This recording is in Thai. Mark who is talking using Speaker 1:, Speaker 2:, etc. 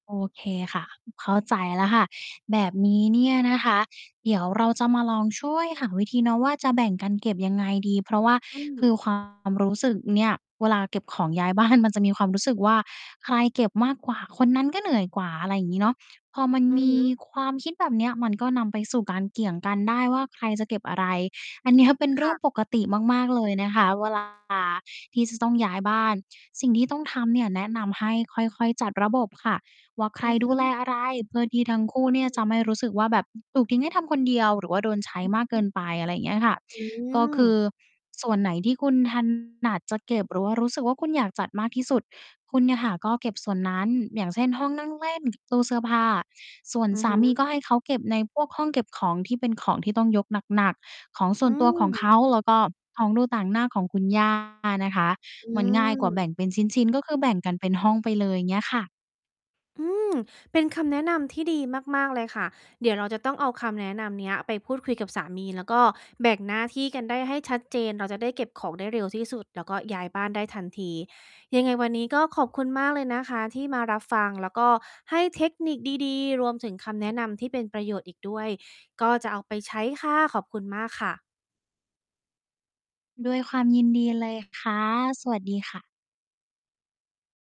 Speaker 1: โอเคค่ะ เข้าใจแล้วค่ะ แบบนี้เนี่ยนะคะ เดี๋ยวเราจะมาลองช่วยหาวิธีเนาะ ว่าจะแบ่งกันเก็บยังไงดี เพราะว่า
Speaker 2: อืม
Speaker 1: คือ ความ รู้สึกเนี่ย เวลาเก็บของย้าย บ้าน มันจะมีความรู้สึกว่า ใครเก็บมากกว่าคนนั้นก็เหนื่อยกว่า อะไรอย่างงี้เนาะ พอมัน
Speaker 2: อื
Speaker 1: ม
Speaker 2: อฮ
Speaker 1: ี
Speaker 2: ึ
Speaker 1: ความคิดแบบเนี้ย มันก็นำไปสู่การเกี่ยงกันได้ว่า ใครจะเก็บอะไร อัน เนี้ย เป็นเร
Speaker 2: ค
Speaker 1: ื่
Speaker 2: ่
Speaker 1: อ
Speaker 2: ะ
Speaker 1: งปกติมาก ๆ เลยนะคะ เวลา ที่จะต้องย้ายบ้าน สิ่งที่ต้องทำเนี่ย แนะนำให้ค่อย ๆ จัดระบบค่ะ ว่าใคร
Speaker 2: อือฮ
Speaker 1: ดูแล
Speaker 2: ึ
Speaker 1: อะไร เพื่อที่ทั้งคู่
Speaker 2: อื
Speaker 1: เนี่ยจ
Speaker 2: ม
Speaker 1: ะไม่รู้สึกว่า แบบถูกทิ้งให้ทำคนเดียว หรือว่าโดนใช้
Speaker 2: อือ
Speaker 1: มาก
Speaker 2: ฮ
Speaker 1: เกิ
Speaker 2: ึ
Speaker 1: นไป อะไรอย่างเงี้ยค่ะ
Speaker 2: อื
Speaker 1: ก็คือ
Speaker 2: ม
Speaker 1: ส่วนไหนที่คุณ ถนัด จะเก็บ หรือว่ารู้สึกว่า คุณอยากจัดมากที่สุด คุณเนี่ยค่ะก็เก็บส่วนนั้น อย่างเช่น ห้องนั่งเล่น ตู้เสื้อผ้า ส่วน
Speaker 2: อือ
Speaker 1: สา
Speaker 2: ฮึ
Speaker 1: มีก็ให้เขาเก็บในพวกห้องเก็บของที่เป็นของที่ต้องยกหนัก ๆ ของส่
Speaker 2: อ
Speaker 1: ว
Speaker 2: ื
Speaker 1: นตัวของเ
Speaker 2: ม
Speaker 1: ขา แล้วก็ของดูต่างหน้าของคุณ ย่า นะคะ
Speaker 2: อื
Speaker 1: มันง่ายกว่าแบ
Speaker 2: ม
Speaker 1: ่งเป็นชิ้น ๆ ก็คือแบ่งกันเป็นห้องไปเลย เงี้ยค่ะ
Speaker 2: อืม เป็นคำแนะนำที่ดีมาก ๆ เลยค่ะ เดี๋ยวเราจะต้องเอาคำแนะนำเนี้ย ไปพูดคุยกับสามี แล้วก็แบ่งหน้าที่กันได้ให้ชัดเจน เราจะได้เก็บของได้เร็วที่สุด แล้วก็ย้ายบ้านได้ทันที ยังไงวันนี้ก็ขอบคุณมากเลยนะคะที่มารับฟัง แล้วก็ให้เทคนิคดี ๆ รวมถึงคำแนะนำที่เป็นประโยชน์อีกด้วย ก็จะเอาไปใช้ค่ะ ขอบคุณมากค่ะ
Speaker 1: ด้วยความยินดีเลยค่ะ สวัสดีค่ะ